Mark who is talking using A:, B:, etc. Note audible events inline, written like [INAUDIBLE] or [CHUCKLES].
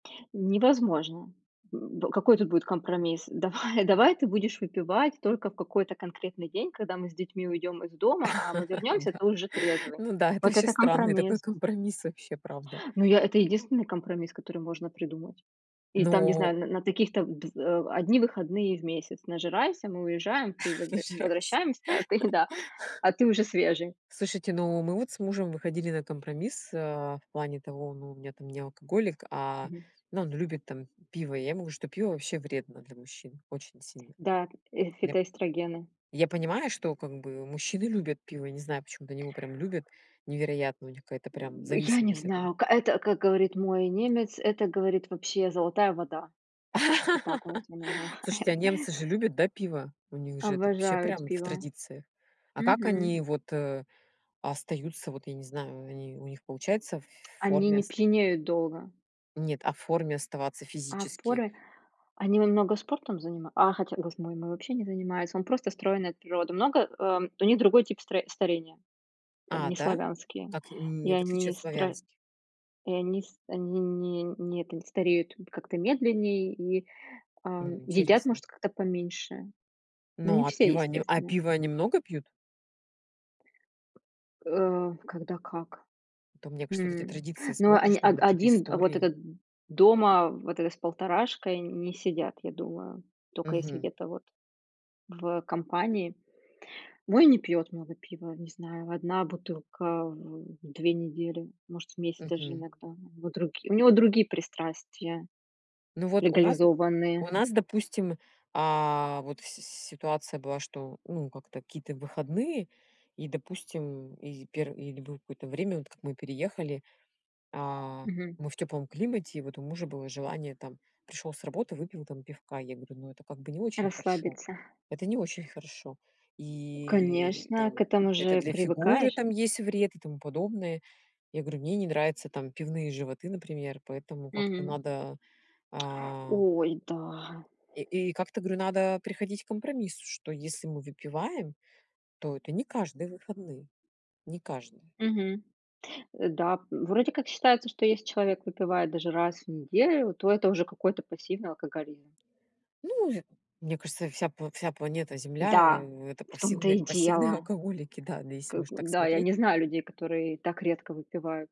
A: Невозможно. М, какой тут будет компромисс? Давай давай, ты будешь выпивать только в какой-то конкретный день, когда мы с детьми уйдём из дома, а мы
B: [LAUGHS]
A: вернёмся,
B: Да.
A: ты уже трезвый.
B: Ну да, это
A: Вот
B: ваще
A: это
B: странный такой
A: компромисс.
B: компромисс, вообще, правда.
A: Ну, я это единственный компромисс, который можно придумать. И там, не
B: Но
A: знаю, н на таких-то, в дв э, 1 выходные в месяц нажирайся, мы уезжаем. Ты возвра мы
B: Нажирайся.
A: возвращаемся, а ты [CHUCKLES] да,
B: [LAUGHS]
A: а ты уже свежий.
B: Слушайте, но мы вот с мужем выходили на компромисс, а, в плане того, ну, у меня там не алкоголик, а,
A: Мгм.
B: ну, он любит там пиво. Я ему, что пиво ваще вредно для мужчин очень сильно.
A: Да, э,
B: Я, п
A: фитоэстрогены.
B: я понимаю, что, как бы, мужчины любят пиво, не знаю, почему-то они его прям любят, невероятно, у них какая-то прям
A: М, я не
B: зависимость от этого.
A: знаю, к это, как говорит мой немец, это, говорит, вообще золотая вода. Как-то так он
B: [LAUGHS]
A: у меня
B: Слушайте, а
A: называет.
B: немцы же любят, да, пиво? У них же это, ваще,
A: Обожают
B: прям в
A: пиво.
B: традициях. А как
A: Мгм.
B: они вот, э, остаются, вот, я не знаю, они, у них получается, в
A: Они
B: форме
A: не
B: ос
A: пьянеют долго.
B: Нет, а в форме оставаться
A: А
B: физически?
A: форме, они на много спортом занима А, хотя, господи, мой вообще не занимается. Он просто стройный от природы. Много, э, у них другой тип стра старения. Там
B: А,
A: не
B: да?
A: славянский.
B: Как
A: И
B: н в отличие
A: они
B: от
A: стро
B: славянских?
A: и они с они не не, это, не стареют как-то медленнее и, ам,
B: М,
A: едят,
B: интересно.
A: может, как-то поменьше. Но не
B: Ну, а
A: все,
B: пиво они а
A: естественно.
B: пиво они много пьют?
A: Э, когда как.
B: А то, мне кажется, вот эти
A: М,
B: традиции
A: ну, он,
B: смотришь
A: а,
B: там или какие-то
A: один вот
B: истории.
A: этот дома, вот это, с полторашкой не сидят, я думаю. Тока если
B: Мгм.
A: где-то вот в, компании. Мой не пьёт много пива, не знаю, 1 бутылка в 2 недели, может, в месяц даже
B: Мгм.
A: иногда. У него другие унего другие пристрастия
B: Ну вот у нас, у
A: легализованные.
B: нас, допустим, а, вот с ситуация была, что, ну, как-то какие-то выходные, и, допустим, и перв или было какое-то время, вот как мы переехали, а,
A: Мгм.
B: мы в тёплом климате, и вот у мужа было желание там: пришёл с работы, выпил там пивка. Я ему там: "Ну, это как бы не очень хорошо.
A: Расслабиться.
B: Это не очень хорошо". И
A: Конечно, к
B: там
A: этому
B: это
A: же
B: для фигуры
A: привыкаешь.
B: там есть вред и тому подобное. Я говорю: "Мне не нравятся там пивные животы, например, поэтому как-то
A: Мгм.
B: надо, э"
A: [TSK] Ой, да.
B: и и как-то говорю: "Надо приходить к компромиссу, что если мы выпиваем, то это не каждые выходные". Не каждые.
A: Мгм. Э, да, вроде как считается, что если человек выпивает даже раз в неделю, то это уже какой-то пассивный алкоголизм.
B: Ну, мне кажется, вся пла вся планета Земля,
A: Да,
B: э, это
A: в том-то и
B: павсивные пассивные
A: дело.
B: алкоголики, да, ну, если
A: Как
B: уж
A: бы,
B: так
A: да, я
B: смотреть.
A: не знаю людей, которые так редко выпивают.